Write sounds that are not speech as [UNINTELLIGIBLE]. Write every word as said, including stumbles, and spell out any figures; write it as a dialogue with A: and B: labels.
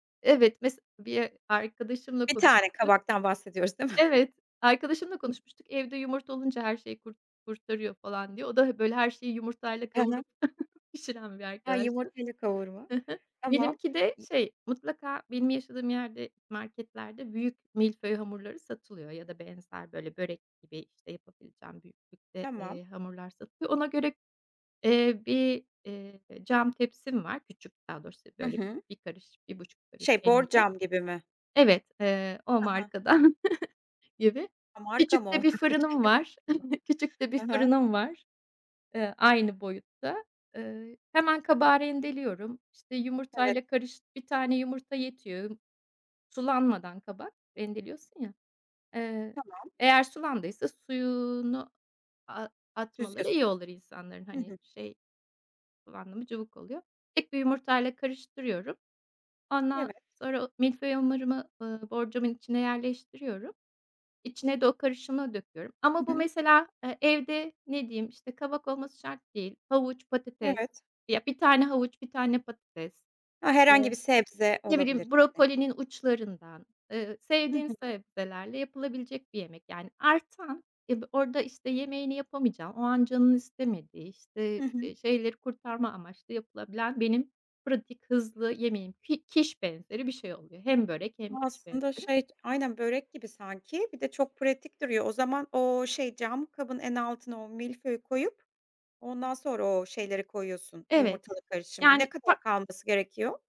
A: Evet, mes bir arkadaşımla
B: bir tane
A: konuşmuştuk.
B: kabaktan bahsediyoruz değil mi?
A: Evet,
B: [CHUCKLES]
A: arkadaşımla
B: [UNINTELLIGIBLE]
A: konuşmuştuk. Evde yumurta olunca her şeyi kur kurtarıyor, falan, diye. O da he böyle her şeyi yumurtayla
B: Ha ha.
A: kavurup [CHUCKLES] pişiren bir
B: Ha,
A: arkadaştı
B: yumurtayı kavurma.
A: Hı hı.
B: Tamam.
A: Benimki de,
B: İ
A: şey, mutlaka benim yaşadığım yerde marketlerde büyük milföy hamurları satılıyor ya da benzer böyle börek gibi, işte, yapabileceğim büyüklükte,
B: Tamam.
A: eee, hamurlar satılıyor. Ona göre, eee, bir, eee, cam tepsim var küçük daha doğrusu
B: Hı
A: böyle
B: hı.
A: bir karış, bir buçuk karış
B: Şey,
A: eninde.
B: borcam gibi mi?
A: Evet, eee, o
B: Ha ha.
A: markadan [CHUCKLES] gibi,
B: Ha, marka mı
A: küçük
B: o?
A: de bir fırınım var.
B: [UNINTELLIGIBLE]
A: [CHUCKLES] Küçük de bir
B: Hı hı.
A: fırınım var, eee, aynı boyutta. Eee, hemen kabağı rendeliyorum, işte,
B: Evet.
A: yumurtayla karış bir tane yumurta yetiyor. Sulanmadan kabak rendeliyorsun ya. Eee,
B: Tamam.
A: eğer sulandıysa suyunu, aaa, atmaları
B: [UNINTELLIGIBLE]
A: iyi olur insanların.
B: Hı
A: Hani,
B: hı.
A: şey, kullandın mı cıvık oluyor. Tek bir yumurtayla karıştırıyorum ondan
B: Evet.
A: sonra o milföy hamurumu, ııı, borcamın içine yerleştiriyorum içine de o karışımı döküyorum. Ama
B: I
A: bu
B: hı.
A: mesela evde ne diyeyim, işte, kabak olması şart değil. Havuç, patates
B: Evet.
A: ya, bir tane havuç, bir tane patates
B: Ha,
A: ve
B: herhangi bir sebze
A: ne
B: olabilir
A: bileyim
B: yani.
A: brokolinin uçlarından, eee,
B: Hı
A: sevdiğim
B: hı.
A: sebzelerle yapılabilecek bir yemek yani artan e bi orada, işte, yemeğini yapamayacağın o an canın istemediği,
B: Hı
A: işte,
B: hı.
A: eee, şeyleri kurtarma amaçlı yapılabilen benim pratik hızlı yemeğim. Pi kiş benzeri bir şey oluyor. Hem börek hem kiş
B: Aslında,
A: benzeri.
B: şey, aynen börek gibi sanki bir de çok pratik duruyor. O zaman o, şey, cam kabın en altına o milföyü koyup ondan sonra o şeyleri koyuyorsun,
A: Evet,
B: yumurtalı karışımı
A: yani
B: ne kadar
A: fa
B: kalması gerekiyor?